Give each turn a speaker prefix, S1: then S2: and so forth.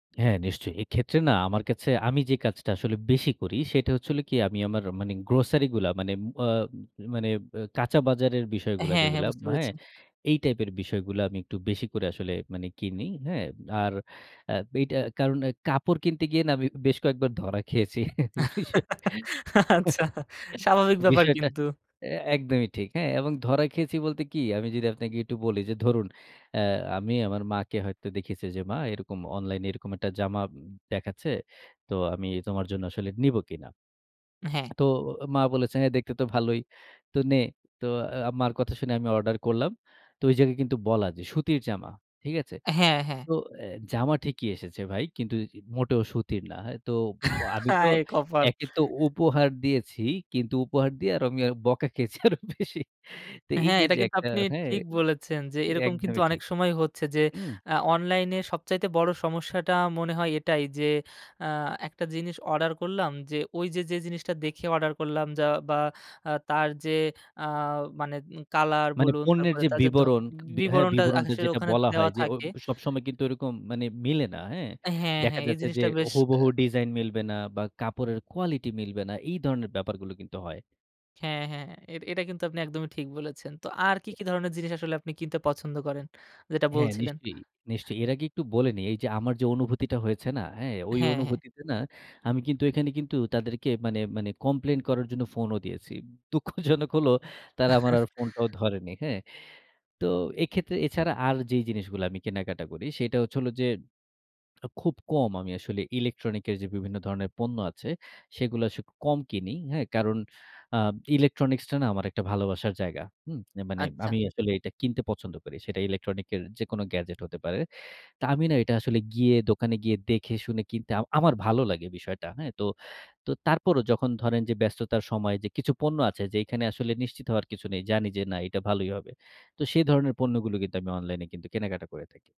S1: হ্যাঁ, নিশ্চয়ই। এক্ষেত্রে না আমার কাছে আমি যে কাজটা আসলে বেশি করি, সেটা হচ্ছে হলো কি, আমি আমার মানে গ্রোসারি গুলা মানে অ মানে ব্যা কাঁচা বাজারের বিষয়গুলা
S2: হ্যাঁ, হ্যাঁ
S1: যেগুলা,
S2: বুঝতে
S1: হ্যাঁ,
S2: পেরেছি।
S1: এই টাইপের বিষয়গুলা আমি একটু বেশি করে আসলে মানে কিনি, হ্যাঁ। আর আ এইটা কারণ কাপড় কিনতে গিয়ে না, আমি বেশ কয়েকবার ধরা খেয়েছি। বিষয়
S2: আচ্ছা স্বাভাবিক ব্যাপার
S1: বিষয়টা
S2: কিন্তু।
S1: অ্যা একদমই ঠিক। হ্যাঁ এবং ধরা খেয়েছি বলতে কী, আমি যদি আপনাকে একটু বলি যে, ধরুন, অ্যা আমি আমার মাকে হয়তো দেখেছি যে, মা এরকম অনলাইনে এরকম একটা জামা দেখাচ্ছে। তো আমি তোমার জন্য আসলে নিবো কিনা?
S2: হ্যাঁ।
S1: তো মা বলেছে, "হ্যাঁ, দেখতে তো ভালোই। তো নে।" তো অ্যা মার কথা শুনে আমি অর্ডার করলাম। তো ওই জায়গায় কিন্তু বলা যে, সুতির জামা। ঠিক আছে?
S2: হ্যাঁ, হ্যাঁ।
S1: তো অ্যা জামা ঠিকই এসেছে ভাই। কিন্তু মোটেও সুতির না। তো আমি তো
S2: হায়! কপাল।
S1: একে তো উপহার দিয়েছি, কিন্তু উপহার দিয়ে আরো আমি বকা খেয়েছি আরো বেশি। তো এই
S2: হ্যাঁ,
S1: যে,
S2: এটা
S1: যে
S2: কিন্তু
S1: একটা
S2: আপনি
S1: হ্যাঁ
S2: ঠিক বলেছেন যে, এরকম কিন্তু
S1: একদমই
S2: অনেক
S1: ঠিক।
S2: সময় হচ্ছে যে,
S1: হুম।
S2: আ অনলাইনে সবচাইতে বড় সমস্যাটা মনে হয় এটাই যে, আ একটা জিনিস অর্ডার করলাম, যে ওই যে, যে জিনিসটা দেখে অর্ডার করলাম যা বা আ তার যে আ মানে উ কালার
S1: মানে
S2: বলুন,
S1: পণ্যের
S2: তারপরে
S1: যে
S2: তাদের ধ
S1: বিবরণ, হ্যাঁ,
S2: বিবরণটা
S1: বিবরণটা
S2: আসলে
S1: যেটা
S2: ওখানে
S1: বলা
S2: দেওয়া
S1: হয় যে, অ
S2: থাকে
S1: সবসময় কিন্তু ওরকম মানে মিলে না, হ্যাঁ।
S2: হ্যাঁ,
S1: দেখা
S2: হ্যাঁ, এই
S1: যাচ্ছে যে,
S2: জিনিসটা বেশ আ
S1: হুবহু ডিজাইন মিলবে না বা কাপড়ের কোয়ালিটি মিলবে না। এই ধরনের ব্যাপারগুলো কিন্তু হয়।
S2: হ্যাঁ, হ্যাঁ। এ এটা কিন্তু আপনি একদমই ঠিক বলেছেন। তো আর কি, কি ধরনের জিনিস আসলে আপনি কিনতে পছন্দ করেন, যেটা
S1: হ্যাঁ,
S2: বলছিলেন।
S1: নিশ্চয়ই, নিশ্চয়ই। এর আগে একটু বলে নেই। এই যে আমার যে অনুভূতিটা হয়েছে না, হ্যাঁ, ঐ
S2: হ্যাঁ, হ্যাঁ।
S1: অনুভূতিতে না আমি কিন্তু এখানে কিন্তু তাদেরকে মানে মানে কমপ্লেইন করার জন্য ফোনও দিয়েছি। দুঃখজনক হলো, তারা আমার আর ফোনটাও ধরেনি। হ্যাঁ? তো এক্ষেত্রে এছাড়া আর, যে জিনিসগুলা আমি কেনাকাটা করি, সেটা হচ্ছে হলো যে, আ খুব কম আসলে ইলেকট্রনিক এর যে বিভিন্ন ধরণের পণ্য আছে, সেগুলা আসলে কম কিনি। হ্যাঁ, কারণ আ ইলেকট্রনিক্সটা না আমার একটা ভালোবাসার জায়গা। হুম, মানে
S2: আচ্ছা।
S1: আমি আসলে এটা কিনতে পছন্দ করি। সেটা ইলেকট্রনিক্স এর যেকোন গ্যাজেট হতে পারে। তো আমি না এটা আসলে গিয়ে দোকানে গিয়ে, দেখে শুনে কিনতে আম আমার ভালো লাগে বিষয়টা, হ্যাঁ তো। তো তারপরও যখন ধরেন যে, ব্যস্ততার সময় যে, কিছু পণ্য আছে যে, এখানে আসলে নিশ্চিত হওয়ার কিছু নেই। জানি যে না, এটা ভালোই হবে। তো সেই ধরণের পণ্যগুলো কিন্তু আমি অনলাইনে কিন্তু কেনাকাটা করে থাকি।